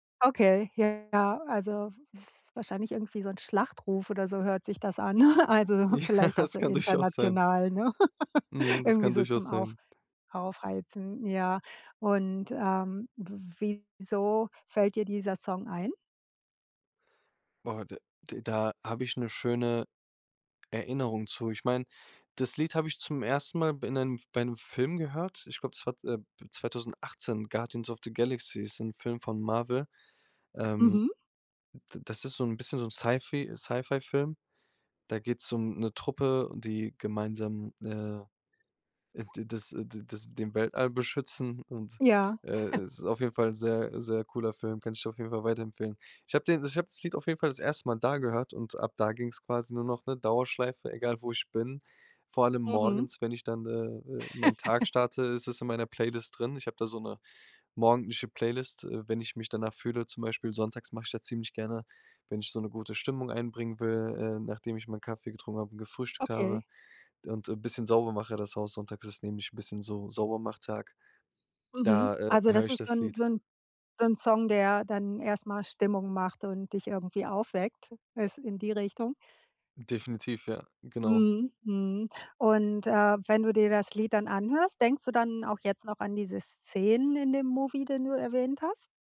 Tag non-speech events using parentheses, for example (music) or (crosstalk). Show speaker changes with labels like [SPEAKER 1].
[SPEAKER 1] Okay, ja, ja, also es ist wahrscheinlich irgendwie so 'n Schlachtruf oder so hört sich das an. (chuckles) Also,
[SPEAKER 2] Ja,
[SPEAKER 1] vielleicht auch
[SPEAKER 2] das
[SPEAKER 1] so
[SPEAKER 2] kann durchaus sein.
[SPEAKER 1] international, ne? (chuckles)
[SPEAKER 2] Mhm, das
[SPEAKER 1] Irgendwie
[SPEAKER 2] kann
[SPEAKER 1] so zum
[SPEAKER 2] durchaus
[SPEAKER 1] Auf
[SPEAKER 2] sein.
[SPEAKER 1] Aufheizen, ja. Und, ähm, w wieso fällt dir dieser Song ein?
[SPEAKER 2] Boah d d da habe ich 'ne schöne Erinnerung zu. Ich meine, das Lied habe ich zum 1. Mal b in 'nem bei 'nem Film gehört. Ich glaube, es war, äh, 2018, „Guardians of the Galaxy“, ist 'n Film von Marvel. Ähm,
[SPEAKER 1] Mhm.
[SPEAKER 2] d das ist so 'n bisschen so 'n Sci Fi Sci Fi-Film. Da geht's um 'ne Truppe, die gemeinsam, äh, äh, d das, äh, das den Weltall beschützen und,
[SPEAKER 1] Ja.
[SPEAKER 2] äh,
[SPEAKER 1] (chuckles)
[SPEAKER 2] es ist auf jeden Fall 'n sehr, sehr cooler Film, kann ich dir auf jeden Fall weiterempfehlen. Ich habe den ich habe das Lied auf jeden Fall das 1. Mal da gehört und ab da ging's quasi nur noch 'ne Dauerschleife, egal, wo ich bin. Vor allem
[SPEAKER 1] Mhm.
[SPEAKER 2] morgens, wenn ich dann, äh, äh, meinen Tag
[SPEAKER 1] (chuckles)
[SPEAKER 2] starte, ist es in meiner Playlist drin. Ich habe da so 'ne morgendliche Playlist, äh, wenn ich mich danach fühle, zum Beispiel sonntags mache ich da ziemlich gerne, wenn ich so 'ne gute Stimmung einbringen will, ähm, nachdem ich meinen Kaffee getrunken habe und gefrühstückt habe
[SPEAKER 1] Okay.
[SPEAKER 2] und 'n bisschen sauber mache das Haus sonntags, das ist nämlich 'n bisschen so Saubermach-Tag,
[SPEAKER 1] Mhm.
[SPEAKER 2] da, äh,
[SPEAKER 1] Also,
[SPEAKER 2] höre
[SPEAKER 1] das
[SPEAKER 2] ich
[SPEAKER 1] ist
[SPEAKER 2] das
[SPEAKER 1] dann so
[SPEAKER 2] Lied.
[SPEAKER 1] 'n so 'n Song, der dann erst mal Stimmung macht und dich irgendwie aufweckt, es in die Richtung?
[SPEAKER 2] Definitiv, ja, genau.
[SPEAKER 1] Mhm, mhm. Und, äh, wenn du dir das Lied dann anhörst, denkst du dann auch jetzt noch an diese Szenen in dem Movie, den du erwähnt hast?